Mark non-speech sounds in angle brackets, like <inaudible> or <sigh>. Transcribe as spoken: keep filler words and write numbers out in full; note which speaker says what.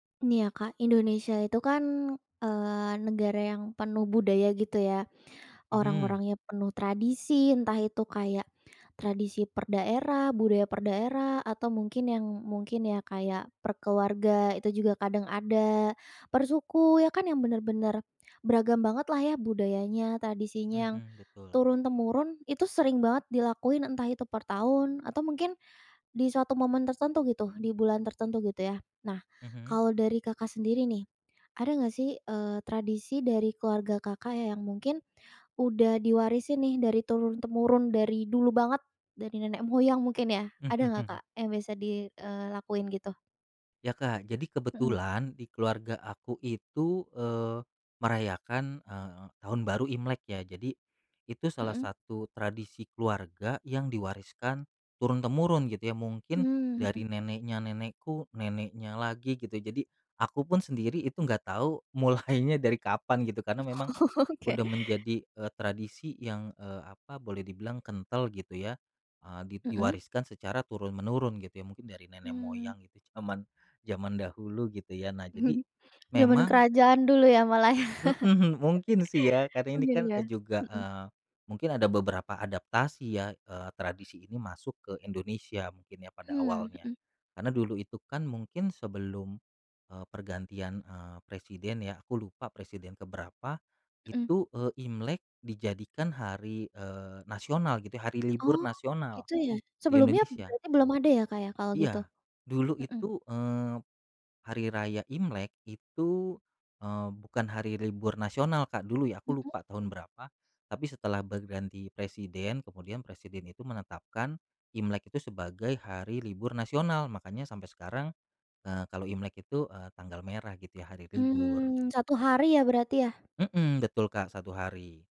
Speaker 1: Ini ya Kak, Indonesia itu kan, eee, negara yang penuh budaya gitu ya.
Speaker 2: Mhm.
Speaker 1: Orang-orangnya penuh tradisi entah itu kayak tradisi per daerah, budaya per daerah, atau mungkin yang mungkin ya kayak per keluarga itu juga kadang ada, per suku ya kan yang benar-benar beragam banget lah ya budayanya, tradisinya yang
Speaker 2: Mhm, betul.
Speaker 1: turun-temurun itu sering banget dilakuin entah itu per tahun atau mungkin di suatu momen tertentu gitu di bulan tertentu gitu ya. Nah,
Speaker 2: Mhm.
Speaker 1: kalau dari Kakak sendiri nih, ada nggak sih, eee, tradisi dari keluarga Kakak ya yang mungkin udah diwarisin nih dari turun-temurun dari dulu banget dari nenek moyang mungkin ya.
Speaker 2: Mhm
Speaker 1: Ada nggak
Speaker 2: mhm.
Speaker 1: Kak yang bisa di eee, ...lakuin gitu?
Speaker 2: Ya, Kak, jadi
Speaker 1: Mhm.
Speaker 2: kebetulan di keluarga aku itu, eee, merayakan, eee, Tahun Baru Imlek ya. Jadi, itu salah
Speaker 1: Mmm.
Speaker 2: satu tradisi keluarga yang diwariskan turun-temurun gitu ya mungkin
Speaker 1: Mmm, mhm.
Speaker 2: dari neneknya nenekku, neneknya lagi gitu jadi aku pun sendiri itu enggak tahu mulainya dari kapan gitu karena memang
Speaker 1: <chuckles> Oke.
Speaker 2: udah menjadi, eee, tradisi yang, eee, apa boleh dibilang kental gitu ya, eee, di
Speaker 1: Mmm.
Speaker 2: diwariskan secara turun menurun gitu ya mungkin dari nenek
Speaker 1: Mmm.
Speaker 2: moyang itu zaman zaman dahulu gitu ya. Nah jadi
Speaker 1: <chuckles> Zaman
Speaker 2: memang
Speaker 1: kerajaan dulu ya malah ya.
Speaker 2: mhm, mungkin sih ya
Speaker 1: <chuckles>
Speaker 2: karena ini
Speaker 1: Mungkin
Speaker 2: kan,
Speaker 1: ya,
Speaker 2: eee, juga,
Speaker 1: mhm.
Speaker 2: eee, mungkin ada beberapa adaptasi ya, eee, tradisi ini masuk ke Indonesia mungkin ya pada
Speaker 1: Hmm,
Speaker 2: awalnya.
Speaker 1: mhm.
Speaker 2: Karena dulu itu kan mungkin sebelum, eee, pergantian, eee, presiden ya aku lupa presiden ke berapa,
Speaker 1: Mmm.
Speaker 2: itu, eee, Imlek dijadikan hari, eee, nasional gitu ya hari libur
Speaker 1: Oh,
Speaker 2: nasional
Speaker 1: gitu ya?
Speaker 2: di
Speaker 1: Sebelumnya
Speaker 2: Indonesia.
Speaker 1: berarti belum ada ya, Kak, ya kalau gitu?
Speaker 2: Iya, dulu
Speaker 1: Mhm.
Speaker 2: itu, eee, Hari Raya Imlek itu, eee, bukan hari libur nasional Kak dulu ya aku
Speaker 1: Mhm.
Speaker 2: lupa tahun berapa tapi setelah berganti presiden kemudian presiden itu menetapkan Imlek itu sebagai hari libur nasional makanya sampai sekarang, eee, kalau Imlek itu, eee, tanggal merah gitu ya hari libur.
Speaker 1: Mmm, satu hari ya berarti ya?
Speaker 2: Mhm, betul Kak satu hari.